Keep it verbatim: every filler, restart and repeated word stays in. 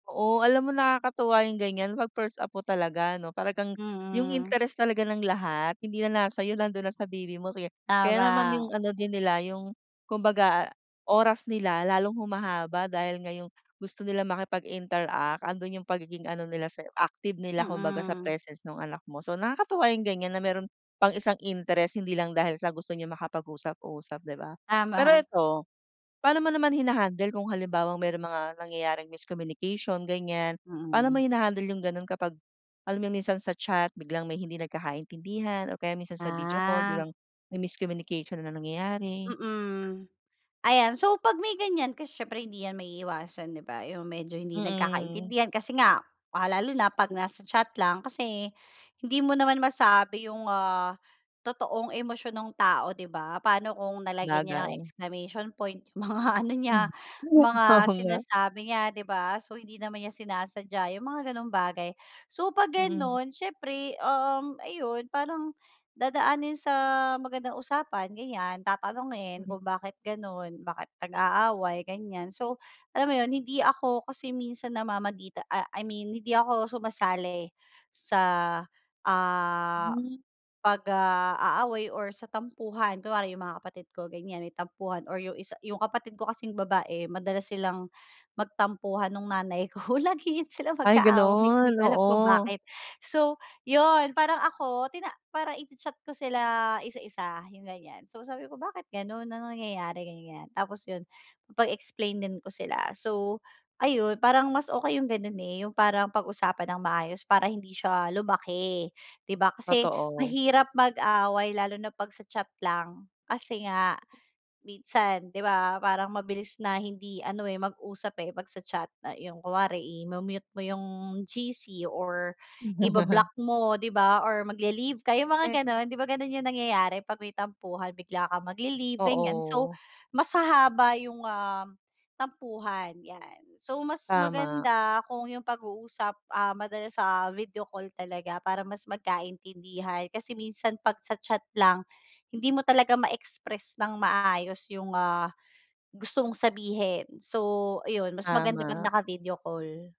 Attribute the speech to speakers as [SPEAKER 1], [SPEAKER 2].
[SPEAKER 1] Oo alam mo, nakakatuwa yung ganiyan 'pag first apo talaga ano, talagang yung
[SPEAKER 2] Mm.
[SPEAKER 1] interest talaga ng lahat hindi na nasa sa'yo, nando'n na sa baby mo sige. Kaya naman
[SPEAKER 2] Tama.
[SPEAKER 1] 'yung ano din nila 'yung kumbaga oras nila lalong humahaba dahil ngayong gusto nila makipag-interact ando'n 'yung pagiging ano nila sa active nila kumbaga sa
[SPEAKER 2] Mm.
[SPEAKER 1] presence nung anak mo. So, nakakatuwa 'yung ganiyan na meron pang isang interest hindi lang dahil sa gusto niyang makapag-usap-usap, 'di ba? Pero
[SPEAKER 2] Tama.
[SPEAKER 1] eto, paano mo naman hina-handle kung halimbawang may mga nangyayaring miscommunication ganiyan? Paano mo
[SPEAKER 2] Mm.
[SPEAKER 1] hina-handle yung gano'n kapag alam mo yung minsan sa chat biglang may hindi nagkakaintindihan o kaya minsan sa video call
[SPEAKER 2] Ah.
[SPEAKER 1] biglang may miscommunication na nangyayari?
[SPEAKER 2] Mm. Ayan, so pag may ganiyan kasi siyempre hindi 'yan maiiwasan, 'di ba? Yung medyo hindi
[SPEAKER 1] Mm.
[SPEAKER 2] nagkakaintindihan kasi nga, ah, lalo na pag nasa chat lang kasi hindi mo naman masabi 'yung, ah, totoong emosyon ng tao, 'di ba? Paano kung nalagyan niya ng
[SPEAKER 1] Bagay.
[SPEAKER 2] exclamation point mga ano niya, mga
[SPEAKER 1] Oo, nga.
[SPEAKER 2] sinasabi niya, 'di ba? So, hindi naman niya sinasadya 'yung mga gano'ng bagay. So pag
[SPEAKER 1] Mm.
[SPEAKER 2] gano'n siyempre, um, ayun parang dadaanin sa magandang usapan ganiyan? Tatanungin kung bakit gano'n? Bakit nag-aaway, ganiyan? So alam mo 'yun hindi ako kasi minsan namamagita ah, I mean hindi ako sumasali sa, ah,
[SPEAKER 1] Hmm.
[SPEAKER 2] 'pag, ah, aaway or sa tampuhan. Kunwari 'yung mga kapatid ko ganiyan may tampuhan or 'yung isa, 'yung kapatid ko kasing babae madalas silang magtampuhan nung nanay ko lagi iyan sila
[SPEAKER 1] Ay
[SPEAKER 2] magka-away, hindi
[SPEAKER 1] gano'n,
[SPEAKER 2] ko alam kung
[SPEAKER 1] oo.
[SPEAKER 2] bakit. So, 'yun parang ako tina parang i-cha-chat ko sila isa-isa yung ganiyan, so sabi ko, "Bakit gano'n, anong nangyayari?" Ganiyan, tapos 'yun pag-explainin ko sila, so ayun parang mas okey 'yung gano'n, eh, 'yung parang pag-usapan ng maayos para hindi siya lumaki, 'di ba? Kasi
[SPEAKER 1] Totoo.
[SPEAKER 2] mahirap mag-away lalo na pag sa chat lang, kasi nga minsan 'di ba parang mabilis na hindi ano, eh, mag-usap, eh, pag sa chat na yung kunwari, eh, mute mo yung G-C or iba-block mo di ba, or magle-leave ka yung mga
[SPEAKER 1] Eh.
[SPEAKER 2] ganon, 'di ba? Gano'n yung nangyayari pag may tampuhan bigla kang magle-leave ganiyan. So,
[SPEAKER 1] Oo.
[SPEAKER 2] mas hahaba yung, um, tampuhan 'yan. So, mas
[SPEAKER 1] Tama.
[SPEAKER 2] maganda kung 'yung pag-uusap, ah, madalas sa video call talaga para mas magkaintindihan kasi minsan 'pag sa chat lang hindi mo talaga ma-express ng maayos 'yung, ah, gusto mong sabihin, so ayun mas maganda 'pag
[SPEAKER 1] Tama.
[SPEAKER 2] naka-video call.